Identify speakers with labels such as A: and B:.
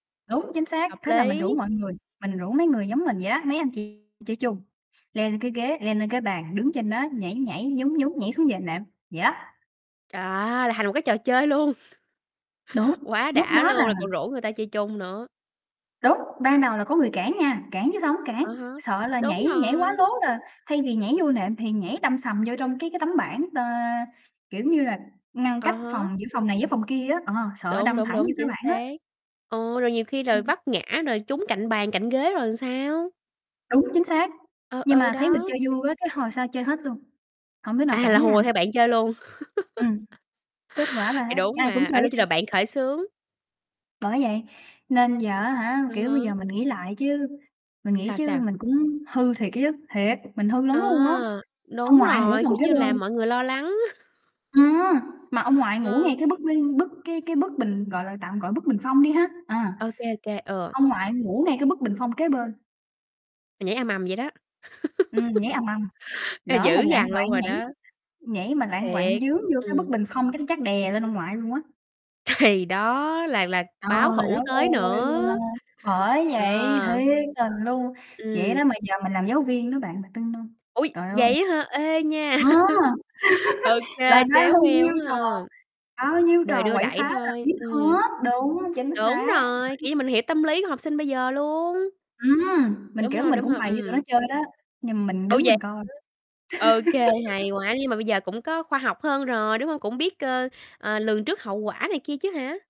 A: Đúng, chính xác,
B: Hợp
A: thế là mình rủ
B: lý.
A: mọi người, mình rủ mấy người giống mình vậy đó, mấy anh chị chơi chung, leo lên cái ghế, leo lên cái bàn, đứng trên đó nhảy nhảy, nhún nhún, nhảy xuống giường nệm, vậy đó.
B: Chà! Là thành một cái trò chơi luôn!
A: Đúng,
B: Quá
A: lúc
B: đã
A: đó là
B: luôn! Rồi còn rủ người ta chơi chung nữa.
A: Đúng, ban đầu là có người cản nha, cản chứ sao hổng
B: À
A: cản,
B: ha!
A: sợ là
B: Đúng
A: nhảy nhảy quá
B: rồi.
A: lố là thay vì nhảy vô nệm thì nhảy đâm sầm vô trong cái cái tấm bảng, ờ, kiểu như, là ngăn
B: À
A: cách
B: ha!
A: phòng giữa phòng này với phòng kia á, ờ, sợ
B: Đúng,
A: đâm
B: đúng,
A: thẳng vô
B: đúng,
A: cái
B: chính
A: bảng á.
B: xác, ừ, rồi nhiều khi rồi
A: Ừm.
B: vấp ngã rồi trúng cạnh bàn cạnh ghế rồi sao?
A: Đúng, chính xác,
B: Ừ,
A: nhưng
B: ừ
A: mà thấy mình
B: đó.
A: chơi vui quá cái hồi sau chơi hết luôn, hổng đứa nào
B: À,
A: cản
B: là
A: đứa nào
B: hùa
A: hết.
B: theo bạn chơi luôn.
A: Ừm, kết quả là
B: Thì
A: á
B: đúng
A: ai cũng
B: mà, à,
A: chơi
B: đó
A: hết
B: chính là
A: trơn.
B: bạn khởi xướng.
A: Bởi vậy nên giờ á hả,
B: Ờ
A: kiểu, bây
B: hớ.
A: giờ mình nghĩ lại chứ, mình nghĩ
B: Sao,
A: chứ
B: sao?
A: mình cũng hư thiệt á chứ. Thiệt, mình hư lắm luôn á!
B: À!
A: Ông
B: Đúng
A: ngoại ngủ
B: rồi,
A: phòng
B: kiểu
A: kế
B: như là,
A: bên.
B: mọi người lo lắng.
A: Ừm, mà ông ngoại ngủ ngay
B: Ừ.
A: cái bức, ư, bức cái cái bức bình, gọi là, tạm gọi là bức bình phong đi ha, à.
B: Ô kê, ô kê, ừ.
A: Ông ngoại ngủ ngay cái bức bình phong kế bên.
B: Nhảy ầm ầm vậy đó.
A: Ừm, nhảy ầm ầm,
B: Ê,
A: lỡ mà
B: dữ
A: lạng
B: dằn
A: quạng
B: luôn rồi
A: nhảy
B: đó!
A: nhảy mà lạng quạng
B: Thiệt,
A: vướng vô
B: ừm.
A: cái bức bình phong cái chắc đè lên ông ngoại luôn quá!
B: Thì đó là là báo
A: Trời
B: thủ
A: đất
B: tới
A: ơi nha!
B: nữa!
A: Bởi
B: Ờ!
A: vậy, thiệt tình luôn! Vậy
B: Ừm.
A: đó mà giờ mình làm giáo viên đó bạn, bạn tin hông?
B: Ủa,
A: Trời ơi!
B: vậy á hả? Ê nha.
A: Ừ.
B: Ô kê,
A: Là bao
B: tréo ngoe
A: nhiêu
B: quá
A: trò,
B: ha!
A: bao nhiêu
B: Đời
A: trò
B: đưa
A: quậy phá
B: đẩy
A: là
B: thôi.
A: biết
B: Ừm,
A: hết, đúng, chính
B: đúng
A: xác,
B: rồi,
A: đấy.
B: kiểu như, mình hiểu tâm lý của học sinh bây giờ luôn.
A: Ừm, mình,
B: Đúng
A: kiểu,
B: hông,
A: mình
B: đúng
A: cũng
B: hông?
A: bày cho tụi nó
B: Ừm.
A: chơi đó, nhưng mình
B: Ô.
A: đứng
B: vậy
A: mình coi.
B: hả? Ô kê, hay quá. Nhưng mà bây giờ cũng có khoa học hơn rồi, đúng hông? Cũng biết, ơ, ờ, lường trước hậu quả này kia chứ hả?